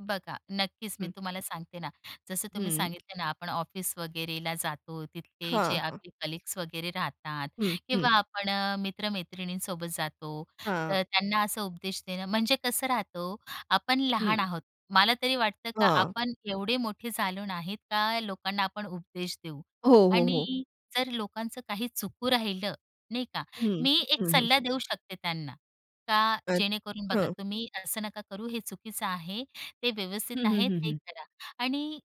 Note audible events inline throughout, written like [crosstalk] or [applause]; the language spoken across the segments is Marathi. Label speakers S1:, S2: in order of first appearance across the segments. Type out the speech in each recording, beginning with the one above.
S1: बघा नक्कीच मी
S2: हं.
S1: तुम्हाला सांगते ना. जसं तुम्ही
S2: हं.
S1: सांगितलं ना आपण ऑफिस वगैरेला जातो तिथले जे
S2: हां, हां.
S1: आपले कलीग्स वगैरे राहतात
S2: हं, हं.
S1: किंवा आपण अ, मित्र-मैत्रिणींसोबत जातो. तर
S2: हां.
S1: त्यांना असा उपदेश देणं म्हणजे कसं राहत हो, आपण लहान
S2: हं.
S1: आहोत मला तरी वाटतं का
S2: हां.
S1: आपण एवढे मोठे झालो नाहीत का लोकांना आपण उपदेश देऊ.
S2: हो, हो, हो.
S1: आणि जर लोकांचं काही चुकू राहिलं नाही का
S2: हं.
S1: मी 1
S2: हं, हं,
S1: सल्ला
S2: हं.
S1: देऊ शकते त्यांना. का
S2: अ,
S1: जेणेकरून बघा
S2: हां.
S1: "तुम्ही असं नका करू हे चुकीचं आहे ते
S2: हं,
S1: व्यवस्थित
S2: हं,
S1: आहे
S2: हं,
S1: ते
S2: हं.
S1: करा." आणि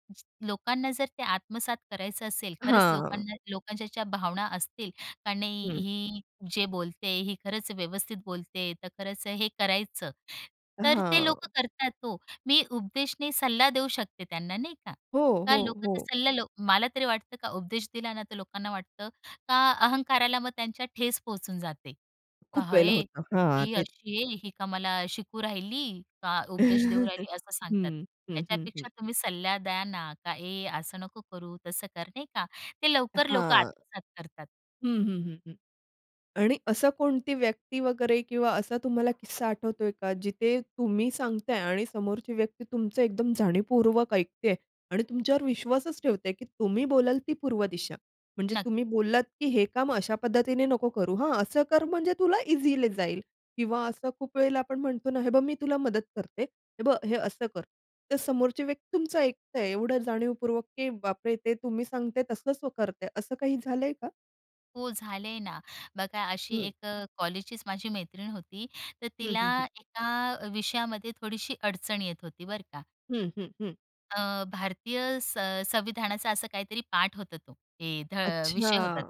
S1: लोकांना जर ते आत्मसात करायचं असेल खरंच
S2: हां.
S1: लोकांना, लोकांच्या ज्या भावना असतील का नाही,
S2: हं.
S1: "ही जे बोलते ही खरंच व्यवस्थित बोलते तर खरंच हे करायचं." तर ते लोकं
S2: हां.
S1: करतात हो. मी उपदेशने सल्ला देऊ शकते त्यांना नाही का.
S2: हो,
S1: का
S2: हो,
S1: लोक तर
S2: हो.
S1: सल्ला लो मला तरी वाटतं का उपदेश दिला ना तर लोकांना वाटतं का अहंकाराला मग त्यांच्या ठेस पोहोचून जाते.
S2: खूप
S1: पाहा
S2: वेळेला
S1: "हे,
S2: होतं. हां
S1: ही
S2: तेच.
S1: अशी आहे, ही का मला शिकू राहिली. का उपदेश देऊ
S2: [laughs]
S1: राहिली" असं सांगतात.
S2: हं, हं, हं, हं.
S1: त्याच्यापेक्षा तुम्ही सल्ला द्या ना. का "ए असं नको करू, तसं कर" नाही का. ते लवकर लोक
S2: हां.
S1: आत्मसात करतात.
S2: हं, हं, हं, हं. आणि असं कोणती व्यक्ती वगैरे किंवा असा तुम्हाला किस्सा आठवतोय का? जिथे तुम्ही सांगताय आणि समोरची व्यक्ती तुमचं एकदम जाणीवपूर्वक ऐकतेय. आणि तुमच्यावर विश्वासच ठेवतेय की तुम्ही बोलाल ती पूर्व दिशा. म्हणजे तुम्ही
S1: नक्कीच.
S2: बोललात की "हे काम अशा पद्धतीने नको करू. हां असं कर म्हणजे तुला इझिली जाईल" किंवा असं खूप वेळेला आपण म्हणतो ना "हे बघ मी तुला मदत करते. हे बघ हे असं कर." ते समोरची व्यक्ती तुमचं ऐकतंय एवढं जाणीवपूर्वक की बापरे! ते तुम्ही सांगताय तसंच करतंय असं काही झालंय का?
S1: हो झालंय ना. बघा अशी
S2: हं.
S1: 1 अ, कॉलेजचीच माझी मैत्रीण होती. तर
S2: हं,
S1: तिला
S2: हं, हं.
S1: 1 अ, विषयामध्ये थोडीशी अडचण येत होती बरं का.
S2: हं, हं, हं.
S1: अ, भारतीय सं संविधानाचा असा काहीतरी पाठ होता तो. ए ध
S2: अच्छा.
S1: विषय होता.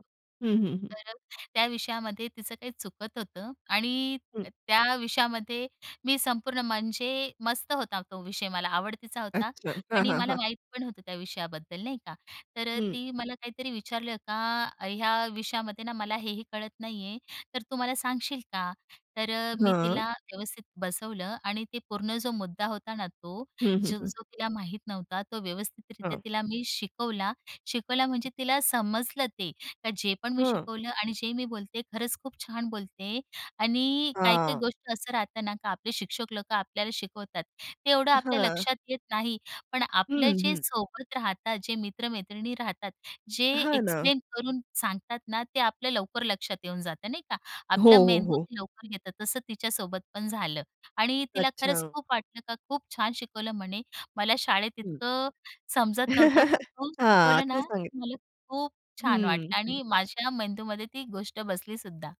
S2: हं, हं, हं.
S1: तर त्या विषयामध्ये तिचं काही चुकत होतं. आणि
S2: हं.
S1: त्या विषयामध्ये मी संपूर्ण म्हणजे मस्त होता तो विषय मला आवडतीचा होता.
S2: अच्छा. हां,
S1: आणि
S2: हां,
S1: मला
S2: हां.
S1: माहीत पण होतं त्या विषयाबद्दल नाही का. तर अ,
S2: हं.
S1: ती मला काहीतरी विचारलं का ह्या विषयामध्ये ना मला हे, हे कळत नाही आहे. तर तू मला सांगशील का? तर अ, मी
S2: हां.
S1: तिला व्यवस्थित बसवलं आणि ते पूर्ण जो मुद्दा होता ना तो,
S2: हं, हं, हं.
S1: जो-जो तिला माहीत नव्हता तो व्यवस्थितरित्या
S2: हां.
S1: तिला मी शिकवला. शिकवला म्हणजे
S2: अच्छा.
S1: तिला समजलं ते का जे पण मी
S2: हां.
S1: शिकवलं आणि जे मी बोलते खरंच खूप छान बोलत आहे आणि काही-काही
S2: हां.
S1: गोष्टी असं राहतं ना का आपले शिक्षक लोकं आपल्याला शिकवतात. ते एवढं आपल्या
S2: हां.
S1: लक्षात येत नाही पण आपलं
S2: हं,
S1: जे
S2: हं.
S1: सोबत राहतात जे मी मित्र-मैत्रिणी राहतात. जे
S2: हां, ना.
S1: एक्सप्लेन करून सांगतात ना ते आपलं लवकर लक्षात येऊन जातं नाही का.
S2: हो,
S1: आपला
S2: हो,
S1: मेंदू
S2: हो.
S1: ते लवकर घेतं तसं तिच्यासोबत पण झालं. आणि तिला खरंच
S2: अच्छा.
S1: खूप वाटलं का खूप छान शिकवलं म्हणे. मला शाळेत
S2: हं.
S1: इतकं समजत नव्हतं पण
S2: [laughs]
S1: तू
S2: हां,
S1: शिकवलं
S2: तू
S1: ना
S2: सांगितले.
S1: मला खूप छान
S2: हं,
S1: वाटलं.
S2: हं.
S1: आणि माझ्या मेंदूमध्ये ती गोष्ट बसलीसुद्धा.